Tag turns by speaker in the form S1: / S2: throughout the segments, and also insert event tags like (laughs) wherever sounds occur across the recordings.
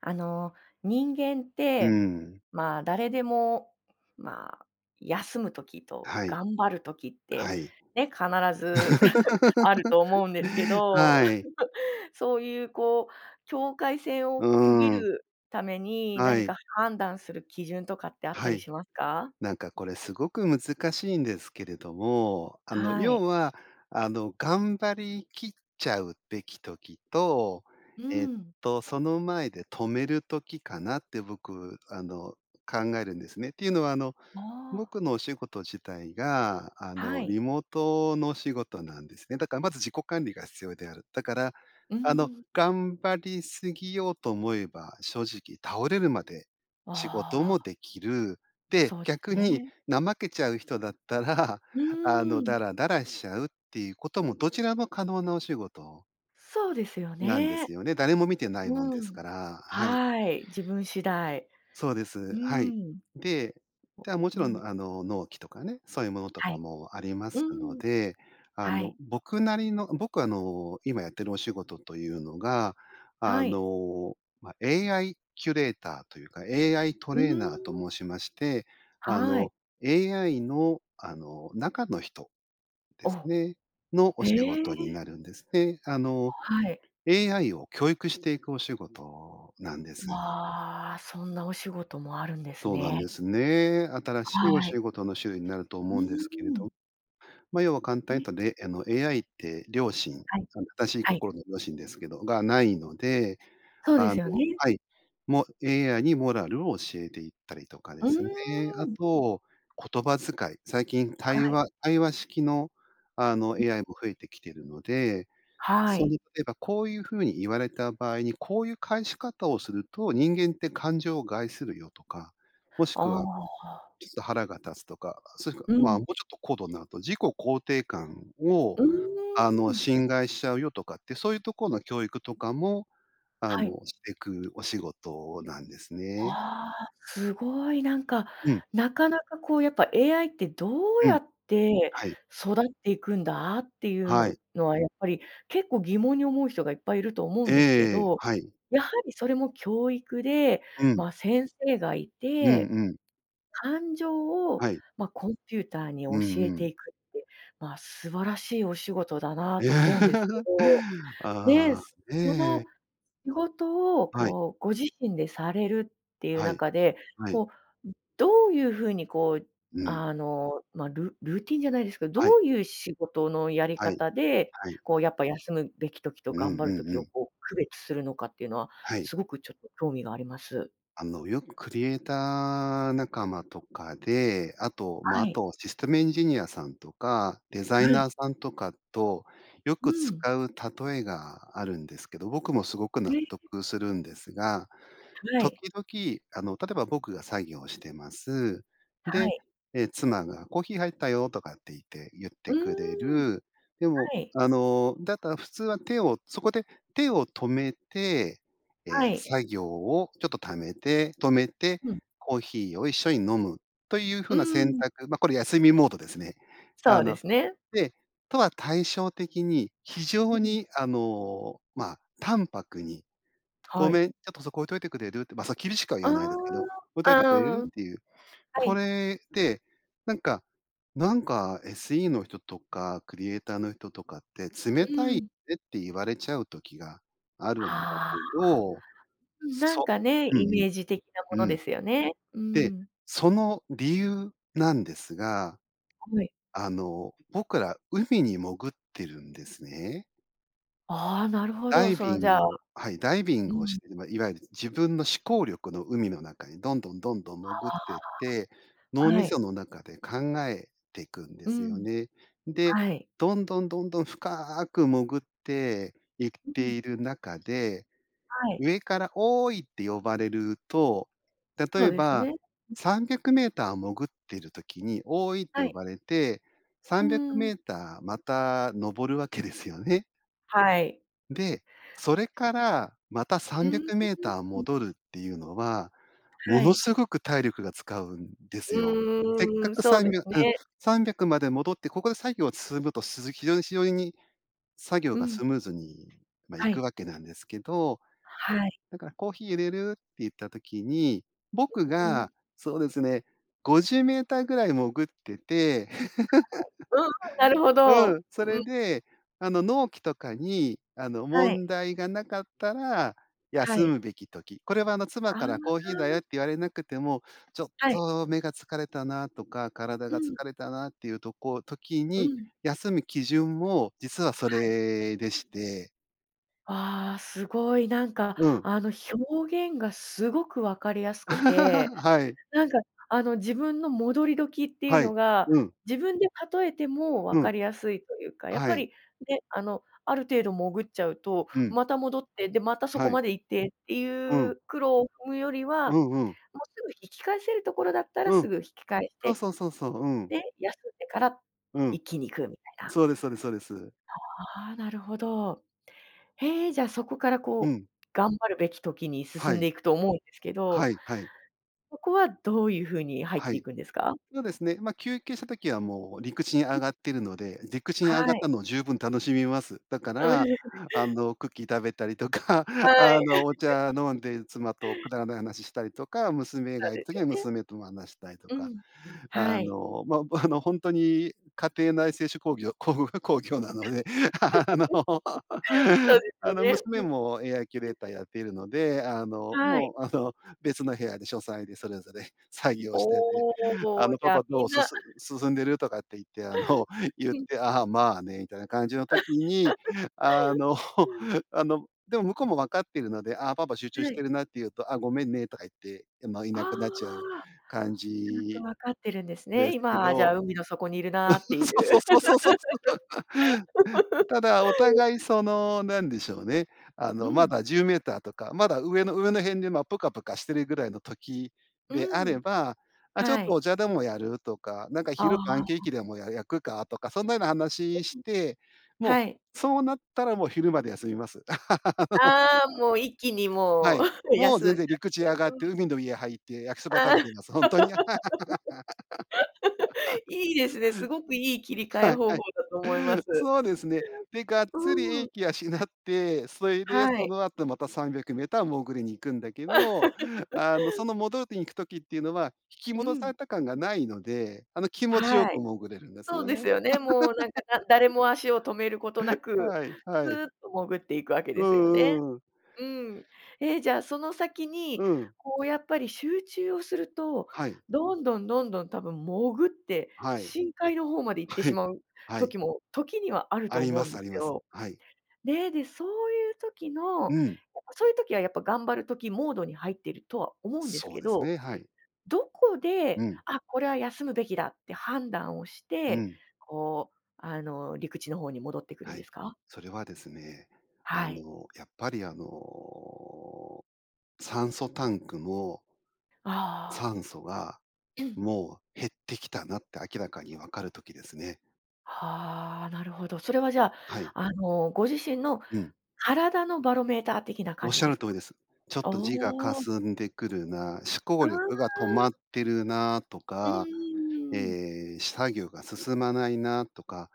S1: あの、人間っ
S2: う
S1: て、
S2: ん。
S1: まあ、誰でも、まあ、休む時と
S2: はい。
S1: 頑張る時って
S2: はい。
S1: ね、必ず、(laughs) あると思うんですけ
S2: (laughs)
S1: ど、
S2: はい。
S1: (laughs) そういうこう、境界せいを区切
S2: うん。
S1: るために
S2: は
S1: 何
S2: い。
S1: か判断する基準とかってあっ
S2: は
S1: たり
S2: い、
S1: しますか？
S2: なんかこれすごく難しいんですけれども、あの、
S1: はい。
S2: 要は、あの、頑張りきっちゃうべき時と、
S1: う
S2: えっ
S1: ん。
S2: と、その前で止める時かなって僕、あの、考えるんですね。っていうのは、あの、
S1: ああ。
S2: 僕のお仕事自体が、あ
S1: は
S2: の、
S1: い。
S2: リモートのお仕事なんです。で、だからまず自己管理が必要である。だから、
S1: う
S2: あの、
S1: ん。
S2: 頑張り過ぎようと思えば、正直倒れるまで仕事
S1: あ
S2: も
S1: あ。
S2: できる。で、
S1: そう
S2: 逆に
S1: ね。
S2: 怠けちゃう人だったら、
S1: う
S2: あの、
S1: ーん。
S2: ダラダラしちゃうっていうことも、どちらも可能なお仕事
S1: そうですよ
S2: なんです
S1: ね。
S2: よね。誰も見てないもん
S1: う
S2: です
S1: ん、
S2: から、はい。
S1: はい、自分次第。
S2: そうです。
S1: う
S2: はい。
S1: ん。
S2: で、
S1: そ
S2: てはもち
S1: う、う
S2: ろん
S1: ん。
S2: あの、納期とかね、そういうものと
S1: は
S2: か
S1: い、
S2: もありま
S1: う
S2: すの
S1: ん。
S2: で、あ
S1: はい。
S2: の、僕なりの僕あの、今やってるお仕事というのが、
S1: は
S2: あ
S1: い。
S2: の、ま、AI キュレーターというか、AI ト
S1: うー
S2: レーナーと
S1: ん。
S2: 申しまして、あ
S1: はい。
S2: の、AI の、あの、中の人です
S1: お、
S2: ね、のお
S1: へ
S2: 仕
S1: え。
S2: 事になるんです。で、あ
S1: お、
S2: の、
S1: はい。
S2: AI を教育していくお仕事なんです。
S1: わあ、そんなお仕事もあるんです
S2: そうなんで
S1: ね。
S2: すね。新しいお
S1: は
S2: 仕
S1: い。
S2: 事の種類になると
S1: う
S2: 思うんです
S1: ー
S2: けれど。
S1: ん。
S2: ま、要は簡単に
S1: ん。
S2: 言うと、れあの、AI って良心、
S1: はい、
S2: その正しい
S1: はい。
S2: 心の良心ですけど、がないので、
S1: そうで
S2: あの
S1: すよね。
S2: はい。も AI にモラルを教えていったりとかで
S1: うー
S2: すね。あ
S1: ん。
S2: と、言葉遣い、最近
S1: は
S2: 対
S1: い。
S2: 話対話式のあの、
S1: うん。
S2: AI も増えてきてるので、
S1: は
S2: そ
S1: い。
S2: にえばこういう風に言われた場合に、こういう返し方をすると、人間って感情を害するよとか、もし
S1: あ
S2: く
S1: あ、
S2: は
S1: は。
S2: ちょっと腹が立つとか、それか、
S1: う
S2: ま、
S1: ん。
S2: もうちょっと高度になると、自己肯定感を、
S1: うーん、
S2: あ
S1: う
S2: の、
S1: ん。
S2: 侵害しちゃうよとかって、そういうところの教育とかも、あ
S1: はい。
S2: の、していくお仕事なんですね。
S1: は、すごい、なんか、
S2: うん。
S1: なかなか、こう、やっぱ AI ってどう
S2: う
S1: や
S2: ん。
S1: って
S2: はい。
S1: 育っていくんだっていう
S2: は
S1: の
S2: い。
S1: のは、やっぱり結構疑問に思う人がいっぱいいると思うんですけ
S2: ええ、
S1: ど、
S2: はい。
S1: やはりそれも教育で、
S2: うん。
S1: ま、先生がい
S2: うん
S1: て、
S2: うん。
S1: 感情を、
S2: はい。
S1: ま、コンピューターに
S2: う
S1: 教
S2: ん
S1: え
S2: う
S1: て
S2: ん。
S1: いくって、まあ、素晴らしいお仕事だなと思うんですけ
S2: (laughs)
S1: ど、ね、
S2: あ、ね
S1: その
S2: え。
S1: 仕事を、
S2: はい。
S1: こう、ご自身でされるっていう
S2: はい。
S1: 中で、
S2: はい。
S1: こう、ん、どういう風にこう
S2: うん。
S1: あの、ま、ルルーティンじゃないですけど、
S2: は
S1: ど
S2: い。
S1: ういう仕事のやり
S2: はい、
S1: 方で、
S2: はい。
S1: こう、やっぱ休むべき時と
S2: うん
S1: 頑張る
S2: うん
S1: 時
S2: う
S1: を、
S2: ん。
S1: こう、区別するのかっていうのは
S2: はい。
S1: すごくちょっと興味があります。
S2: あの、よくクリエイター仲間とかで、あと、ま、
S1: は
S2: あ
S1: い。
S2: とシステムエンジニアさんとか、デザイ
S1: はい。
S2: ナーさんとかと、よ
S1: う
S2: く使
S1: ん。
S2: う例えがあるんですけど、僕もすごく
S1: え
S2: 納
S1: い、え。
S2: 得するんですが、
S1: は
S2: 時
S1: い。
S2: 々、あの、例えば僕が作業をしてます。
S1: は
S2: で、
S1: い。
S2: え、妻が「コーヒーはいったよ」とかって言って、言っ
S1: う
S2: てくれ
S1: ーん。
S2: る、でも、
S1: はい。
S2: あの、だったら普通は手をそこで手を止めて、
S1: は
S2: え、
S1: い。
S2: 作業をちょっとためて止めて、
S1: うん。
S2: コーヒーを一緒に飲むという風
S1: う
S2: な選
S1: ん。
S2: 択、ま、これ休みモードですね。
S1: そ
S2: あ
S1: うで
S2: の、
S1: すね。
S2: で、とは対照的に、非
S1: う
S2: 常
S1: ん。
S2: にあの、まあ、淡白に「ご
S1: はい。
S2: めん、ちょっとそこ置いといてくれる？」って、ま、さ厳しくは言
S1: あ
S2: わないですけど、「置いと
S1: あ、
S2: い
S1: あ、
S2: てくれる？」
S1: う
S2: っ
S1: ん。
S2: ていう。
S1: は
S2: こ
S1: い。
S2: れって、なんか、なんか SE の人とかクリエイターの人とかって「冷
S1: う
S2: たいね」
S1: ん。
S2: って言われちゃう時があるんだ
S1: ああ、
S2: けど、
S1: うん、なん
S2: そ
S1: かね、
S2: うん
S1: イ
S2: う
S1: メージ的なも
S2: ん。
S1: の
S2: うん。
S1: ですよね。う
S2: で、
S1: ん。
S2: その理由なんですが、
S1: はい。
S2: あの、僕ら海に潜ってるんですね。
S1: ああ、なるほ
S2: ダ
S1: ど、
S2: イ
S1: そ
S2: ビ
S1: のじ
S2: ン
S1: ゃあ
S2: グはい、ダイビン
S1: う
S2: グをし
S1: ん。
S2: て、ま、いわゆる自分の思考力の海の中にどんどん、どんどん潜ってって、脳
S1: ああ。
S2: み
S1: は
S2: そ
S1: い。
S2: の中で考えていくんで
S1: う
S2: すよ
S1: ん。
S2: ね。で、
S1: はい。
S2: どんどん、どんどん深く潜っていっ
S1: う
S2: て
S1: ん。
S2: いる中で、
S1: はい。
S2: 上から「おおい！」って呼ばれると、例
S1: そう
S2: え
S1: です
S2: ば
S1: ね。うん。
S2: 300m潜ってる時に「おおい」って
S1: は
S2: 呼
S1: い。
S2: ばれてさん
S1: う
S2: びゃくメー
S1: ん。
S2: ターまた上るわけですよね。
S1: はい。
S2: で、それから、また、さ
S1: うー
S2: んびゃ
S1: ん、う
S2: くメーター
S1: うん、うん。
S2: 戻るっていうのは、も
S1: は
S2: の
S1: い。
S2: すごく体力が使うんで
S1: う
S2: す
S1: ー
S2: よ。せ
S1: ん、
S2: っ
S1: うん
S2: か
S1: うん。
S2: く
S1: そ
S2: さ
S1: う
S2: ん
S1: で
S2: み
S1: す
S2: ゃうん、
S1: ね。
S2: 300まで戻って、ここで作業は進むと、すずき非常にしよいに作業
S1: う
S2: が
S1: ん。
S2: スムーズに、ま、行
S1: は
S2: く
S1: い。
S2: わけなんですけど、
S1: はい。
S2: だから「コーヒー淹れる？」って言った時に、僕
S1: う、うん。
S2: がそうですね、50mぐらい潜ってて、
S1: はい。うんうん、なる
S2: (laughs)
S1: ほ
S2: う
S1: ど。
S2: ん、そ
S1: う
S2: れ
S1: ん。
S2: で、あの、納期とかに、あの、
S1: はい。
S2: 問題がなかったら、
S1: は
S2: 休
S1: い。
S2: むべき時、これはあの、妻
S1: あ
S2: から「コーヒーだよ」
S1: あ。
S2: って言われなくても、ちょっ
S1: はい。
S2: と目が疲れたなとか、体
S1: う
S2: が疲
S1: ん。
S2: れたなっていうとこ時
S1: う
S2: に
S1: ん。
S2: 休む基準を、実はそ
S1: はい。
S2: れでして。
S1: ああ、すごい、なんか、
S2: うん。
S1: あの、表現がすごく分かりやすくて、
S2: (laughs) はい。
S1: なんか、あの、自分の戻り時っていう
S2: はい、
S1: のが
S2: うん。
S1: 自分で例えても
S2: う
S1: 分か
S2: ん。
S1: りやすいというか、やっ
S2: は
S1: ぱ
S2: い。
S1: り、ね、あの、ある程度潜っちゃうと
S2: うん。
S1: また戻って、で、またそ
S2: は
S1: こ
S2: い。
S1: まで行ってって
S2: う
S1: い
S2: ん。
S1: う苦労踏むよりは、
S2: うんうん。
S1: もう、すぐ引き返せるところだったら
S2: うん。
S1: すぐ引き返し
S2: そう
S1: て、
S2: そうそうそう、うん。
S1: で、休んでから
S2: うん。
S1: 一気に行くみたいな。
S2: そうですそうですそうです。
S1: ああ、なるほど。へえ、じゃあ、そこから
S2: う
S1: こう
S2: ん。
S1: 頑張るべき時に
S2: は
S1: 進んで
S2: い。
S1: いくと思うんですけ
S2: は
S1: ど
S2: いはい。
S1: そこはどういう風に入っ
S2: は
S1: てい
S2: い。
S1: くんですか？
S2: そうですね。ま、休憩した時は、もう、陸地に
S1: う
S2: 上
S1: ん。
S2: がってるので、陸地に上が
S1: は
S2: っ
S1: い。
S2: たのを十分楽しみます。だか
S1: うーん。
S2: ら、
S1: (laughs)
S2: あの、クッキー食べたりとか、(laughs)
S1: はい。
S2: あの、お
S1: (laughs)
S2: 茶飲んで妻とくだらない話ししたりとか、娘
S1: そう
S2: がいる
S1: です
S2: 時
S1: よ
S2: は
S1: ね。
S2: 娘とも話したりと
S1: う
S2: か、
S1: ん、
S2: あ
S1: はい。
S2: の、ま、あの、ほんとに家庭内製手工業、工工業なので、(laughs) あの、
S1: (laughs) そうです
S2: あ
S1: よ
S2: の、
S1: ね。
S2: 娘
S1: うん。
S2: も AI キュレーターやっているので、あの、
S1: はい。
S2: もう、あの、別の部屋で書斎でそれぞれ作業をしてて、
S1: お
S2: あ
S1: お、
S2: の
S1: じ
S2: 「パ
S1: ゃ、
S2: パ、ど
S1: み
S2: う、
S1: ん
S2: す
S1: な
S2: す進んでる？」とかって言って、あの、ゆっ
S1: うん。
S2: て「ああ、まあね」みたいな感じの時に、
S1: (laughs)
S2: あの、
S1: うん。
S2: (laughs) あの、でも向こうも分かってるので「あ、パパ集中し
S1: は
S2: て
S1: い。
S2: るな」って言うと「あ、ごめんね」とか言って、ま、い
S1: ああ、
S2: なくなっちゃう感
S1: ちゃんと
S2: じ
S1: 分かってるんです
S2: で
S1: ね。
S2: すけ
S1: 今、じゃ
S2: ど、
S1: あ、海の底にいるなっていう。
S2: (laughs) そうそうそうそうそうそう。ただ、お
S1: (laughs)
S2: 互い、その、なんでしょうね、あ
S1: う
S2: の、ま
S1: ん。
S2: だ10メーターとか、まだ上の上の辺で、ま、プカプカしてるぐらいの時
S1: う
S2: であれ
S1: ん。
S2: ば「あ、ちょっ
S1: は
S2: と
S1: い。
S2: お茶でもやる？」とか、なんか
S1: あ
S2: 「昼パンケー
S1: あ。
S2: キでも、や焼くか」とか、そんなような
S1: う
S2: 話しし
S1: ん。
S2: て、も、
S1: はい。
S2: そうなったら、もう、昼まで休みます。(laughs)
S1: ああ、もう、一気に、
S2: は
S1: もう、
S2: い。
S1: (laughs)
S2: もう、
S1: 休んじ
S2: 全
S1: ゃっ
S2: 然、陸地上
S1: て、
S2: がっ
S1: う
S2: て
S1: ん。
S2: 海の家入って焼きそば食
S1: ああ。
S2: べてます、ほんとに。
S1: (laughs) いいですね、すごくいい切
S2: (laughs)
S1: り替
S2: は
S1: え
S2: い
S1: 方
S2: はい。
S1: 法だと思います。
S2: そうですね。で、がっ
S1: う
S2: つり
S1: ー
S2: 英
S1: ん。
S2: 気養って、そいで、
S1: は
S2: そ
S1: い。
S2: の後また300メーター潜りに行くんだけど、あの、そ
S1: (laughs)
S2: の、潜りに行く時ってのは引き
S1: う
S2: 戻さ
S1: ん。
S2: れた感がないので、あの、気持ちよ
S1: は
S2: く
S1: い。
S2: 潜れるんです
S1: そう
S2: よ
S1: で
S2: ね。
S1: す
S2: (laughs)
S1: よね。もう、なんか、だ誰も足を止めることなく、
S2: はい
S1: ス
S2: は
S1: ー
S2: い。
S1: ッと潜っていくわけ
S2: う
S1: ですよね。
S2: んうん。
S1: うん。え、じゃ、その先に、
S2: うん。
S1: こう、やっぱり、集中をすると、
S2: はい。
S1: どんどんどんどん、たぶん潜って
S2: はい。
S1: 深海の方まで行って
S2: は
S1: し
S2: い、
S1: まう
S2: はい。
S1: 時も、時にはある
S2: あ
S1: と
S2: り
S1: 思
S2: ま
S1: うん
S2: す
S1: で
S2: あり
S1: す
S2: ます。
S1: よ。
S2: はい。
S1: ね、で、そういう時の、やっ
S2: うん。
S1: ぱ、そういう時は、やっぱ、頑張る時モードに入っているとは思うんです
S2: そう
S1: け
S2: です
S1: ど、
S2: ね、はい。
S1: どこ
S2: う
S1: で
S2: ん。
S1: 「あ、これは休むべきだ」って判断をし
S2: う
S1: て、
S2: ん。
S1: こう、あの、陸地の方に戻ってくるん
S2: は
S1: で
S2: い、
S1: すか？
S2: それはですね、あ
S1: はい。
S2: の、やっぱり、あの、酸素タンクも
S1: ああ。
S2: 酸素が、
S1: うん。
S2: もう、減ってきたなって明らかに分かる時ですね。
S1: はあ、なるほど。それはじゃあ、
S2: はい。
S1: あの、ご自身の
S2: うん。
S1: 体のバロメーター的な感じ
S2: 仰
S1: で
S2: る
S1: す
S2: 通
S1: か？
S2: りです。ちょっ
S1: あ
S2: と字がか
S1: あ。
S2: すんでくるな、思考
S1: あああ
S2: 力が止
S1: あ。
S2: まってるなと
S1: う
S2: か、
S1: ーん。
S2: ええ、し作業が進まないなとか、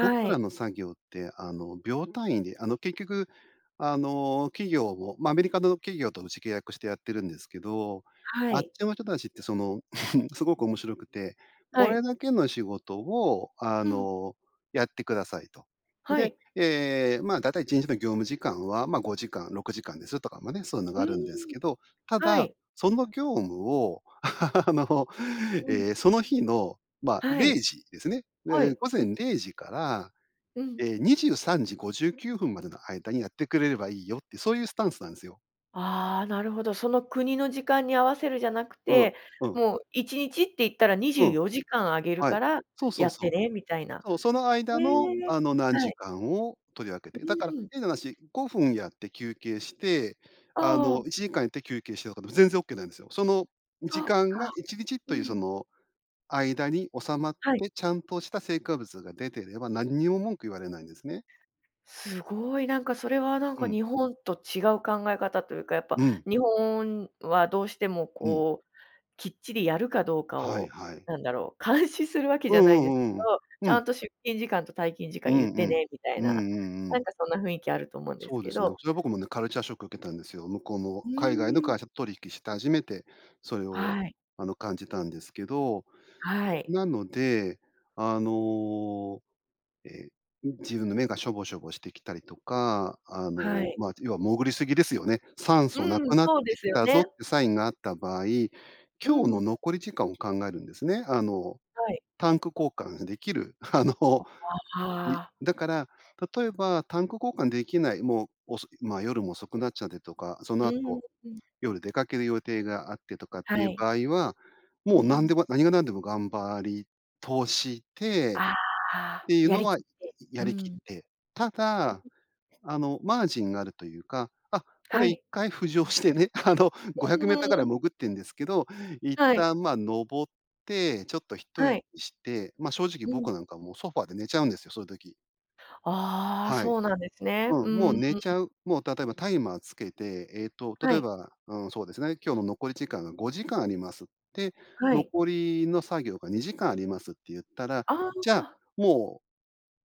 S2: 僕ら
S1: い。
S2: の作業って、あの、秒単位で、あの、結局、あの、企業をま、アメリカの企業とうち契約してやってるんですけど、
S1: は
S2: あっ
S1: い。
S2: ちの人たちって、その、(chuckles) すごく面白くて、
S1: は
S2: これ
S1: い。
S2: だけの仕事を、あ
S1: うん。
S2: の、やってくださいと。
S1: は
S2: で、
S1: い。
S2: ええ、ま、だいたい1日の業務時間は、ま、5時間、6時間ですとか。ま、ね、そういうのが
S1: う
S2: あるんです
S1: ーん。
S2: けど。た
S1: は
S2: だ、
S1: い。
S2: その業務を、あの、
S1: うん。
S2: ええ、その日の、ま、
S1: は
S2: れ
S1: い。
S2: いじですね。
S1: は
S2: で
S1: い。
S2: 「ご
S1: う
S2: ぜ
S1: ん。
S2: んれいじから、
S1: うん。
S2: ええ、23時59分までの間にやってくれればいいよ」って、そういうスタンスなんすよ。
S1: ああ、なるほど。その国の時間に合わせるじゃなく
S2: うん、
S1: て、
S2: うん。
S1: もう1日って言ったら「にじ
S2: う
S1: ゅう
S2: ん。
S1: よじかんあげる
S2: はい。
S1: から、
S2: そうそ
S1: や
S2: う
S1: って
S2: そう。
S1: ね」みたいな。
S2: そう、その
S1: へ
S2: 間の、
S1: え、
S2: あの、何
S1: は
S2: 時
S1: い。
S2: 間を取り分けて。
S1: う
S2: だから
S1: んうん。
S2: 変な話、5分やって休憩して、あ
S1: あ
S2: の、
S1: あ。
S2: 1時間やって休憩してとかでも、全然オッケーなんですよ。その、
S1: そ
S2: 時
S1: っ
S2: 間が
S1: か。
S2: 1日
S1: う
S2: という、そ
S1: ん。
S2: の、間に収まっ
S1: はい。
S2: て、ちゃんとした成果物が出てれば、なんにも文句言われないんですね。
S1: すごい。なんか、それはなん
S2: う
S1: か、
S2: ん。
S1: 日本と違う考え方というか、やっぱ
S2: うん。
S1: 日本はどうしても
S2: うん。
S1: こう、きっちりやるかどうか
S2: はい、
S1: を、
S2: はい。
S1: なんだろう、監視するわけ
S2: う
S1: じゃない
S2: ん
S1: で
S2: う
S1: すけ
S2: んうんうん。
S1: ど
S2: う
S1: 「ちゃ
S2: ん。
S1: んと出勤時間と退勤時
S2: う
S1: 間言
S2: ん、
S1: っ
S2: う
S1: て
S2: ん。
S1: ね」みたい
S2: うん
S1: な。
S2: うんう
S1: な
S2: ん。
S1: んかそんな雰囲気あると思うんで
S2: そ
S1: す
S2: うで
S1: け
S2: すね。
S1: ど。
S2: それは僕もね、カルチャーショック受けたんですよ。向こうの、
S1: う
S2: 海外の
S1: ーん。
S2: 会社と取引した初めて、それを、
S1: はい。
S2: あの、感じたんですけど。
S1: はい。
S2: なので、あの、ええ、ん、自分の目がしょぼしょぼしてきたりとか、あ
S1: は
S2: の、
S1: い。
S2: まあ、要は潜りすぎですよね？「酸
S1: う
S2: 素なく
S1: ん、
S2: なって
S1: そうで
S2: き
S1: すよ
S2: たぞ」っ
S1: ね。
S2: てサインがあった場合、今
S1: う
S2: 日の
S1: ん。
S2: 残り時間を考えるんですね。あの、
S1: はい。
S2: タンク交換できる、あの、
S1: あ、ああ
S2: い
S1: ああ。
S2: だから、例えばタンク交換できない、もう遅いま、夜も遅くなっちゃってとか。その
S1: うーん、
S2: 後、
S1: うん。
S2: 夜出かける予定があってとかって
S1: は
S2: いう
S1: い。
S2: 場合は、も
S1: う
S2: う何で
S1: ん。
S2: も何が何でも頑張り通して
S1: あああ
S2: っ
S1: あ。
S2: ていう
S1: や
S2: の
S1: り
S2: は、
S1: き
S2: い
S1: って。
S2: や
S1: う
S2: りきっ
S1: ん。
S2: て。ただ、
S1: (unintelligible)
S2: あの、マージンがあるというか。あ、こ
S1: は
S2: れいっ
S1: い。
S2: かい浮上してね、あの、ごひゃ
S1: う
S2: くメー
S1: ー
S2: ターぐらい
S1: ん。
S2: 潜ってんですけど、一
S1: はい。
S2: 旦、ま、上って、ちょっと一
S1: は
S2: 息
S1: い。
S2: して、ま、正直
S1: うん。
S2: 僕なんかもう、ソファーで寝ちゃうんですよ、そういう時。
S1: ああ、
S2: はい。
S1: そうなんですね。う
S2: うん、もう
S1: ーん。
S2: 寝ちゃう。もう例えばタイマーつけて、えっと、
S1: は
S2: 例え
S1: い。
S2: ば、うん、そうですね、今日の残り時間が5時間あります。で、
S1: はい。
S2: 残りの作業が2時間ありますって言ったら、
S1: あ
S2: じゃ、
S1: あ。
S2: も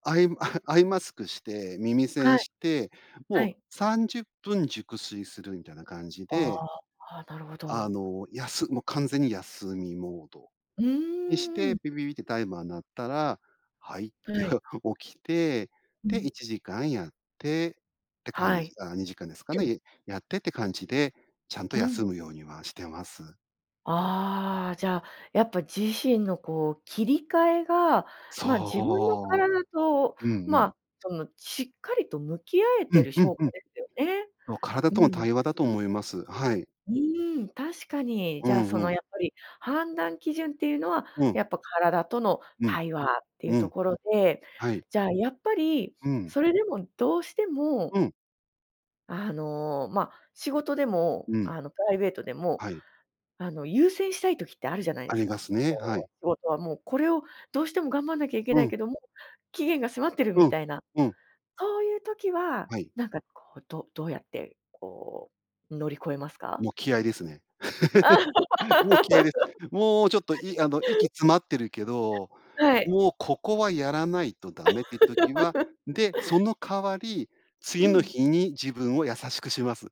S2: う、アイ (chuckles) アイマスクして、耳
S1: は
S2: 栓
S1: い。
S2: して、
S1: は
S2: もう
S1: い。
S2: 30分熟睡するみたいな感じ
S1: あ
S2: で。
S1: あ、あ、なるほ
S2: あ
S1: ど。
S2: の、やすもう完全に休みモード
S1: う
S2: にし
S1: ー
S2: て、
S1: ん。
S2: ピピピってタイマーになったら、はいって
S1: はい。
S2: (chuckles) 起きて、
S1: う
S2: で、
S1: ん。
S2: 1時間やってって感
S1: は
S2: じ
S1: い。
S2: あ、2時間ですか
S1: う
S2: ね、
S1: ん。
S2: い、やってって感じで、ちゃんと
S1: うん。
S2: 休むようにはしてます。
S1: ああ、じゃあやっぱ自身のこう切り替えが、まあ、自分の
S2: そ
S1: 体と、
S2: う。うんう
S1: ま
S2: ん。
S1: あ、そのしっかりと向き合え
S2: う
S1: て
S2: ん
S1: る
S2: うん
S1: 証
S2: う
S1: 拠
S2: ん。
S1: ですよね。
S2: そう、体
S1: う
S2: との
S1: ん。
S2: 対話だと思います。はい。
S1: うーん、確かに、
S2: う
S1: じゃあ
S2: ん
S1: そ
S2: う
S1: の
S2: ん。
S1: やっぱり判断基準っていうのは、
S2: うん。
S1: やっぱ体との
S2: うん
S1: 対話っていう
S2: う
S1: と
S2: ん。
S1: ころで、
S2: はい。
S1: じゃあやっぱり、
S2: うん。
S1: それでもどうしても
S2: うん。
S1: あの、ま、仕事でも、
S2: うん。
S1: あのプライベートでも、
S2: はい。
S1: あの優先したい時ってあるじゃない
S2: あ
S1: です
S2: りま
S1: か。
S2: すね。
S1: (unintelligible)
S2: はい。
S1: もう、これをどうしても頑張んなきゃいけ
S2: う
S1: ない
S2: ん。
S1: けども、期限が迫ってる
S2: う
S1: み
S2: ん、
S1: たいな、
S2: うん。
S1: そういう時は、
S2: はい。
S1: なんかこう、どどうやってこう乗り越えますか？
S2: もう気合いですね。(laughs) もう気合いで。もうちょっと、いあの、息
S1: (laughs)
S2: 詰まってるけど、
S1: はい。
S2: もうここはやらないとダメって時は、で、そ
S1: (laughs)
S2: の代わり、
S1: う
S2: 次の
S1: ん。
S2: 日に自分を優しくします。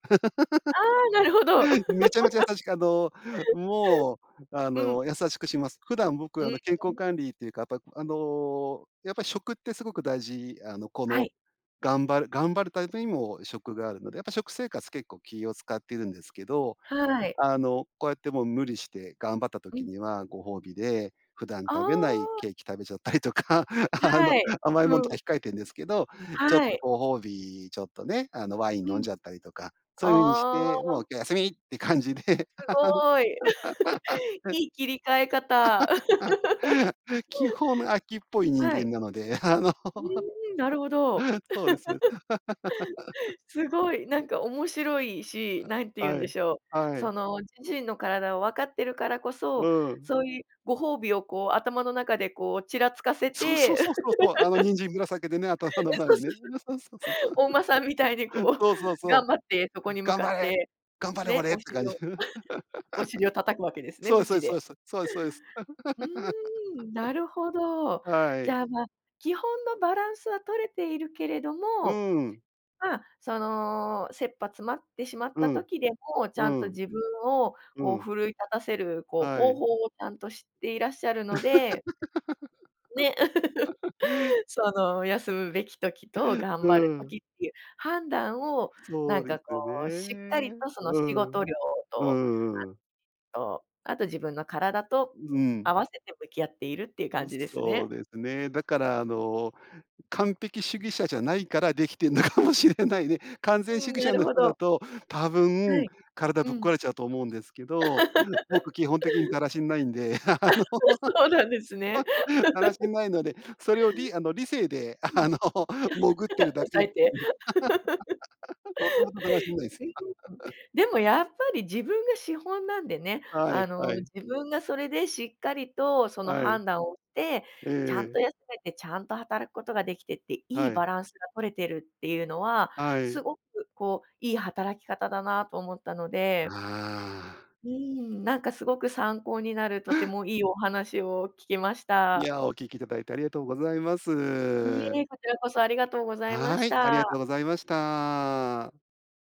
S1: ああ、なるほど。
S2: (laughs) めちゃめちゃ優しく、あの、もう、
S1: (laughs)
S2: あ
S1: うん。
S2: の、優しくします。普段
S1: う
S2: 僕
S1: ー
S2: あの、健康
S1: ん。
S2: 管理というか、やっぱ、あの、やっぱ食ってすごく大事、あの、こ
S1: は
S2: の、
S1: い。
S2: 頑張る頑張るタイプにも食があるので、やっぱ食生活結構気を使っているんですけど、
S1: はーい。
S2: あの、こうやってもう無理して頑張った
S1: う
S2: 時
S1: ん。
S2: にはご褒美で普段
S1: あ
S2: 食べない
S1: あ。
S2: ケーキ食べちゃったりとか、(laughs) あの、
S1: はい、
S2: 甘いもんと
S1: う
S2: か
S1: ん。
S2: 控えてんですけど、ちょっ
S1: は
S2: と
S1: い。
S2: ご褒美、ちょっとね、あの、ワイン
S1: う
S2: 飲ん
S1: ん。
S2: じゃったりとか、そういう風にし
S1: あ
S2: て、もう
S1: あ。
S2: 今日休みって感じで。
S1: すごい、(laughs)
S2: (laughs)
S1: いい切り替え方。
S2: (laughs) 基本飽きっ
S1: (laughs)
S2: ぽい人
S1: は
S2: 間
S1: い。
S2: なので、あの、
S1: うーん、なるほど。
S2: (laughs) そうです。
S1: (laughs) すごい、な
S2: (laughs)
S1: んか面白いし、何て言うん
S2: は
S1: で
S2: い、
S1: しょう、
S2: は
S1: そ
S2: い。
S1: の自身の体をわかってるからこそ、
S2: うん。
S1: そういうご褒美をこう、頭の中でこうちらつかせ
S2: そうそう
S1: て。(laughs) え、
S2: そうそうそう。あの、人参ぶらさげてね、頭の前
S1: そう
S2: に
S1: そ
S2: ね。
S1: う
S2: そうそうそう-そう。
S1: そう。お馬さんみたいに
S2: (laughs)
S1: こう
S2: そうそう
S1: 頑
S2: そ
S1: 張ってそ
S2: う。
S1: こに向
S2: 頑
S1: か
S2: 張
S1: っ
S2: れ
S1: て、
S2: 頑張れ
S1: ね、
S2: 俺っ
S1: お
S2: て感
S1: 尻
S2: じ。
S1: を
S2: (laughs)
S1: お尻を叩くわけですね、
S2: そうす
S1: 鞭
S2: そう
S1: で。
S2: すそうす。そうですそうです。
S1: (laughs) うーん、なるほ
S2: (laughs)
S1: ど。
S2: は
S1: じ
S2: い。
S1: ゃあ、ま、基本のバランスは取れているけれど
S2: う
S1: も、
S2: ーん。
S1: ま、その、切羽詰まってしまっ
S2: う
S1: た
S2: ん、
S1: 時でも、ち
S2: う
S1: ゃんと
S2: ん、
S1: 自分を
S2: う
S1: こう
S2: ん。
S1: 奮い立たせるこう
S2: は
S1: 方
S2: い。
S1: 法をちゃんと知っていらっしゃるのでね。
S2: (laughs)
S1: (laughs) その休むべき時と
S2: (laughs)
S1: 頑
S2: う
S1: 張る
S2: ん。
S1: 時っていう判断を、な
S2: そ
S1: ん
S2: うで
S1: かこ
S2: す
S1: うしっかり
S2: ね。
S1: とその
S2: う
S1: 仕事
S2: ん。
S1: 量
S2: う
S1: と、
S2: んうんうん。
S1: あと、あと自分の体と
S2: うん。
S1: 合わせて向き合っているっていう感
S2: う、
S1: じです
S2: そう
S1: ね。
S2: ですね。だから、あの、完璧主義者じゃないから出来てんのかもしれないね。
S1: (unintelligible)
S2: 完全
S1: う
S2: 主
S1: ん、
S2: 義
S1: な
S2: 者
S1: る
S2: の
S1: ほ
S2: 人
S1: ど、
S2: だ
S1: は
S2: と、多分
S1: い。
S2: 体
S1: う
S2: ぶっ壊
S1: ん。
S2: れちゃうと思うんですけ
S1: (laughs) あ、
S2: ど、僕、基本的にだらしないんで、あの、
S1: そうなんですね。
S2: (laughs) だらしないので、それを、りあの理性で、あの、潜ってる
S1: (laughs) うん。(laughs)
S2: だけ
S1: 押さ
S2: (unintelligible)
S1: えて。
S2: (laughs) もともとだらしないで
S1: (laughs)
S2: す。
S1: うん。
S2: (laughs)
S1: でもやっぱり自分が資本なんでね、
S2: はい、
S1: あの、
S2: はい。
S1: 自分がそれでしっかりとその
S2: はい。
S1: 判断をて、
S2: え
S1: ちゃん
S2: え。
S1: と休めてちゃんと働くことができてって、いい
S2: はい。
S1: バランスが取れてるっていうのは、
S2: はい。
S1: すごくこういい働き方だなと思ったので、
S2: ああ。
S1: うーん、なんかすごく参考になるとて
S2: (laughs)
S1: もいいお話を聞けまし
S2: い
S1: た。
S2: や、お聞きいただいてありがとうございま
S1: いい
S2: す。
S1: え、こちらこそありがとうございま
S2: は
S1: し
S2: い、ありがとう
S1: た。
S2: ございました。